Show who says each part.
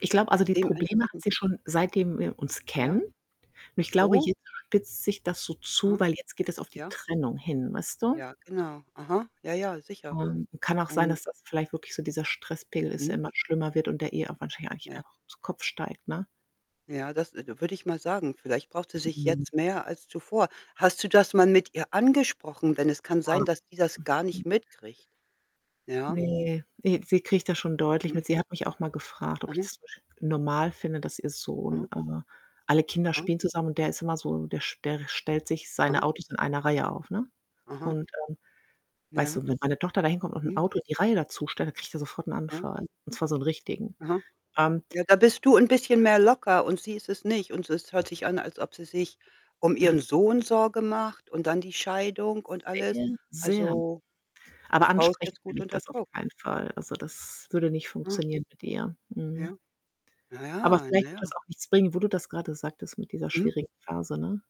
Speaker 1: Ich glaube, also, die Probleme hat
Speaker 2: Dementsprechend
Speaker 1: sie schon, seitdem wir uns kennen.
Speaker 2: Ja?
Speaker 1: Nur
Speaker 2: Ach
Speaker 1: ich glaube,
Speaker 2: so?
Speaker 1: jetzt spitzt sich das so zu,
Speaker 2: Aha.
Speaker 1: weil jetzt geht es auf die
Speaker 2: Ja.
Speaker 1: Trennung hin, weißt du?
Speaker 2: Ja, genau. Aha. Ja, ja, sicher
Speaker 1: Ähm, kann auch sein,
Speaker 2: und
Speaker 1: dass das vielleicht wirklich so dieser Stresspegel ist, der
Speaker 2: Mhm.
Speaker 1: immer schlimmer wird und der eh auch wahrscheinlich
Speaker 2: Ja.
Speaker 1: [unintelligible] zu Kopf steigt, ne?
Speaker 2: Ja, das, äh, d würde ich mal sagen. Vielleicht braucht sie sich
Speaker 1: Mhm.
Speaker 2: jetzt mehr als zuvor. Hast du das mal mit ihr angesprochen? Denn es kann
Speaker 1: Ja.
Speaker 2: sein, dass die das gar
Speaker 1: Mhm.
Speaker 2: nicht mitkriegt, ja?
Speaker 1: Ne, äh, sie kriegt das schon deutlich
Speaker 2: Mhm.
Speaker 1: mit. Sie hat mich auch mal gefragt, ob ich
Speaker 2: Aha.
Speaker 1: das [unintelligible] normal finde, dass ihr Sohn,
Speaker 2: Aha.
Speaker 1: äh alle Kinder
Speaker 2: Aha.
Speaker 1: spielen zusammen und der ist immer so der st der stellt sich seine
Speaker 2: Aha.
Speaker 1: Autos in eine Reihe auf, ne?
Speaker 2: Aha.
Speaker 1: Und ähm, weißt
Speaker 2: Ja.
Speaker 1: du, wenn meine Tochter da hinkommt und 'n
Speaker 2: Mhm.
Speaker 1: Auto die Reihe dazustellt, da kriegt er sofort 'n
Speaker 2: Ja.
Speaker 1: Anfall, und zwar so 'nen richtigen.
Speaker 2: Aha.
Speaker 1: Ähm
Speaker 2: Ja, da bist du 'n bisschen mehr locker und sie ist es nicht und es hört sich an, als ob sie sich, um
Speaker 1: Ja.
Speaker 2: ihren Sohn Sorge macht und dann die Scheidung, und alles.
Speaker 1: Sehr.
Speaker 2: Also, die
Speaker 1: Aber
Speaker 2: Frau ist
Speaker 1: ansprechen
Speaker 2: jetzt
Speaker 1: will
Speaker 2: gut
Speaker 1: ich
Speaker 2: unter
Speaker 1: das auf
Speaker 2: Druck.
Speaker 1: keinen Fall. Also, das würde nicht
Speaker 2: Aha.
Speaker 1: funktionieren, mit ihr. Mhm.
Speaker 2: Ja.
Speaker 1: Aber
Speaker 2: Naja,
Speaker 1: vielleicht wird das
Speaker 2: naja.
Speaker 1: auch nichts bringen, wo du das grade sagtest mit dieser
Speaker 2: Mhm.
Speaker 1: schwierigen Phase, ne?